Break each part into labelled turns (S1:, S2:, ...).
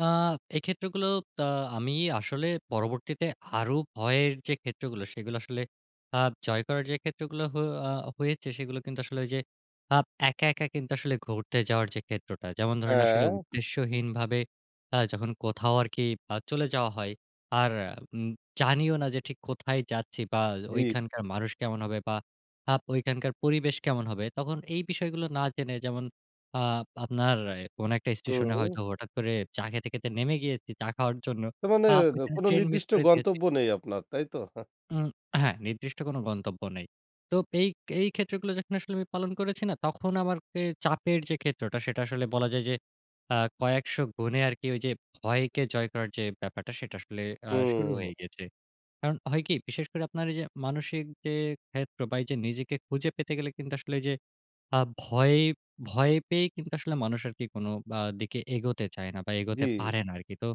S1: আ এই ক্ষেত্রগুলো আ আমি আসলে পরবর্তীতে আরো ভয়ের যে ক্ষেত্রগুলো সেগুলো আসলে আ জয় করার যে ক্ষেত্রগুলো হ আ হয়েছে সেগুলো কিন্তু আসলে ওই যে আপ একা, একা কিন্তু আসলে ঘুরতে যাওয়ার যে ক্ষেত্রটা। যেমন ধরেন আসলে
S2: হ্যাঁ।
S1: উদ্দেশ্যহীনভাবে আ যখন কোথাও আরকি আ চলে যাওয়া হয় আর উম জানিও না যে ঠিক কোথায় যাচ্ছি, বা
S2: জি।
S1: ওইখানকার মানুষ কেমন হবে, বা আপ ঐখানকার পরিবেশ কেমন হবে। তখন এই বিষয়গুলো না জেনে যেমন আ আপনার কোন একটা স্টেশনে
S2: হুম।
S1: হয়তো হঠাৎ করে চা খেতে, খেতে নেমে গিয়েছি। চা খাওয়ার জন্য।
S2: তার মানে
S1: আ
S2: এ
S1: ওইখানে
S2: কোনো
S1: ট্রেন মিস
S2: নির্দিষ্ট
S1: করে দিয়েছি।
S2: গন্তব্য নেই আপনার, তাই তো?
S1: উম হ্যাঁ, নির্দিষ্ট কোনো গন্তব্য নেই। তো এই এই ক্ষেত্রগুলো যখন আসলে আমি পালন করেছি না তখন আমার কে চাপের যে ক্ষেত্রটা সেটা আসলে বলা যায় যে আ কয়েকশ গুণে আরকি ওই যে ভয়কে জয় করার যে ব্যাপারটা সেটা আসলে আ শুরু
S2: হুম।
S1: হয়ে গেছে। কারণ হয় কি বিশেষ করে আপনার এইযে মানসিক যে ক্ষেত্র বা এই যে নিজেকে খুঁজে পেতে গেলে কিন্তু আসলে ওইযে আ ভয় ভয় পেয়েই কিন্তু আসলে মানুষ আরকি কোন বা দিকে এগোতে চায় না বা
S2: জি।
S1: এগোতে পারে না আরকি। তো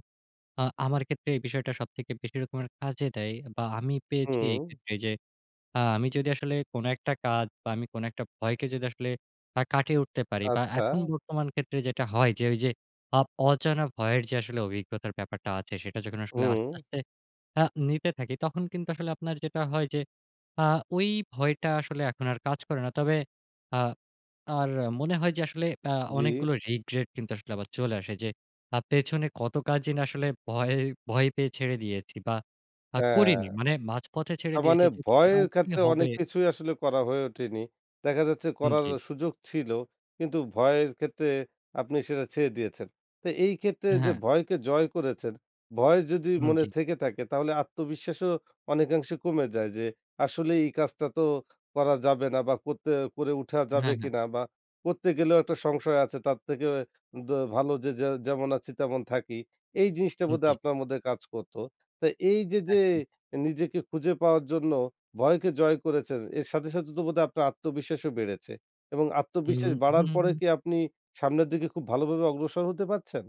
S1: আ আমার ক্ষেত্রে এই বিষয়টা সবথেকে বেশি রকমের কাজে দেয়। বা আমি পেয়েছি এই
S2: হুম।
S1: ক্ষেত্রে যে আ আমি যদি আসলে কোন একটা কাজ বা আমি কোন একটা ভয়কে যদি আসলে আ কাটিয়ে উঠতে পারি, বা
S2: আচ্ছা।
S1: এখন বর্তমান ক্ষেত্রে যেটা হয় যে ওই যে আপ অজানা ভয়ের যে আসলে অভিজ্ঞতার ব্যাপারটা আছে সেটা যখন আসলে আস্তে,
S2: হুম।
S1: আস্তে আ নিতে থাকি তখন কিন্তু আসলে আপনার যেটা হয় যে আ ওই ভয়টা আসলে এখন আর কাজ করে না। তবে আ আর মনে হয় যে আসলে আ
S2: জি।
S1: অনেকগুলো রিগ্রেট কিন্তু আসলে আবার চলে আসে। যে আপ পেছনে কত কাজই না আসলে ভয় ভয় পেয়ে ছেড়ে দিয়েছি বা আ
S2: হ্যাঁ।
S1: করিনি। মানে মাঝপথে
S2: না
S1: ছেড়ে
S2: মানে
S1: দিয়েছি যে ঠিক আ
S2: ভয়ের
S1: কি
S2: ক্ষেত্রে
S1: হবে?
S2: অনেক কিছুই আসলে করা হয়ে ওঠেনি। দেখা যাচ্ছে
S1: হুম
S2: করার
S1: জি।
S2: সুযোগ ছিল, কিন্তু ভয়ের ক্ষেত্রে আপনি সেটা ছেড়ে দিয়েছেন। তো এই ক্ষেত্রে যে
S1: হ্যাঁ।
S2: ভয়কে জয় করেছেন। ভয় যদি
S1: হুম
S2: মনে
S1: জি।
S2: থেকে থাকে তাহলে আত্মবিশ্বাসও অনেকাংশে কমে যায় যে, আসলে এই কাজটা তো করা যাবে না, বা করতে করে উঠা যাবে
S1: হ্যাঁ, হ্যাঁ।
S2: কিনা বা করতে গেলেও একটা সংশয় আছে তার থেকে দ ভালো যে যে যেমন আছি তেমন থাকি। এই জিনিসটা
S1: উ জি।
S2: বোধহয় আপনার মধ্যে কাজ করত। তো এই যে যে
S1: একদম।
S2: নিজেকে খুঁজে পাওয়ার জন্য ভয়কে জয় করেছেন এর সাথে, সাথে তো বোধহয় আপনার আত্মবিশ্বাসও বেড়েছে এবং
S1: হুম,
S2: আত্মবিশ্বাস
S1: হু,
S2: বাড়ার
S1: হু।
S2: পরে কি আপনি সামনের দিকে খুব ভালোভাবে অগ্রসর হতে পারছেন?